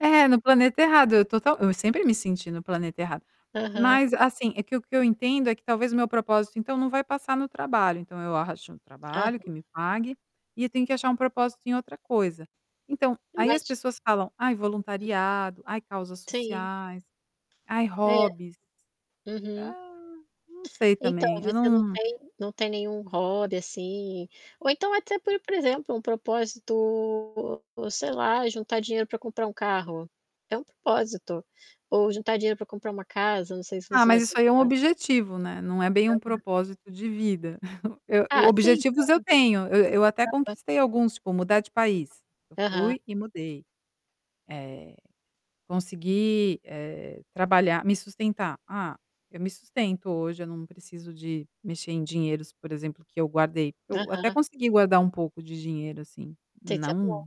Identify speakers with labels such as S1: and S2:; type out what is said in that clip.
S1: É, no planeta errado, eu total eu sempre me senti no planeta errado.
S2: Aham.
S1: Mas assim, é que eu que eu entendo é que talvez meu propósito então não vai passar no trabalho. Então eu acho um trabalho que
S2: Aham.
S1: me pague e eu tenho que achar um propósito em outra coisa. Então, aí as
S2: Mas
S1: pessoas falam: "Ai,
S2: [unintelligible]
S1: voluntariado, ai causas
S2: Sim.
S1: sociais, ai
S2: É.
S1: hobbies".
S2: Uhum.
S1: Hã, não sei
S2: Então,
S1: também, eu
S2: você não
S1: não
S2: tem não tem nenhum hobby assim, ou então até, por por exemplo, um propósito, sei lá, juntar dinheiro para comprar um carro? É um propósito. Ou juntar dinheiro para comprar uma casa, não sei se
S1: Ah,
S2: você já
S1: mas isso
S2: tem
S1: aí é um
S2: casa.
S1: objetivo, né? Não é bem um
S2: Aham.
S1: propósito de vida. Eu
S2: Ah, sim. Pra
S1: objetivos eu
S2: um investimento.
S1: tenho, e eu até
S2: Aham.
S1: conquistei alguns, tipo, mudar de país. Eu
S2: Aham.
S1: fui e mudei. Eh, consegui, eh, trabalhar me sustentar. Ah, eu me sustento hoje. Eu não preciso de mexer em dinheiros, por exemplo, que eu guardei. Eu
S2: Aham.
S1: até consegui guardar um pouco de dinheiro, assim,
S2: Tem que ser
S1: não
S2: atual.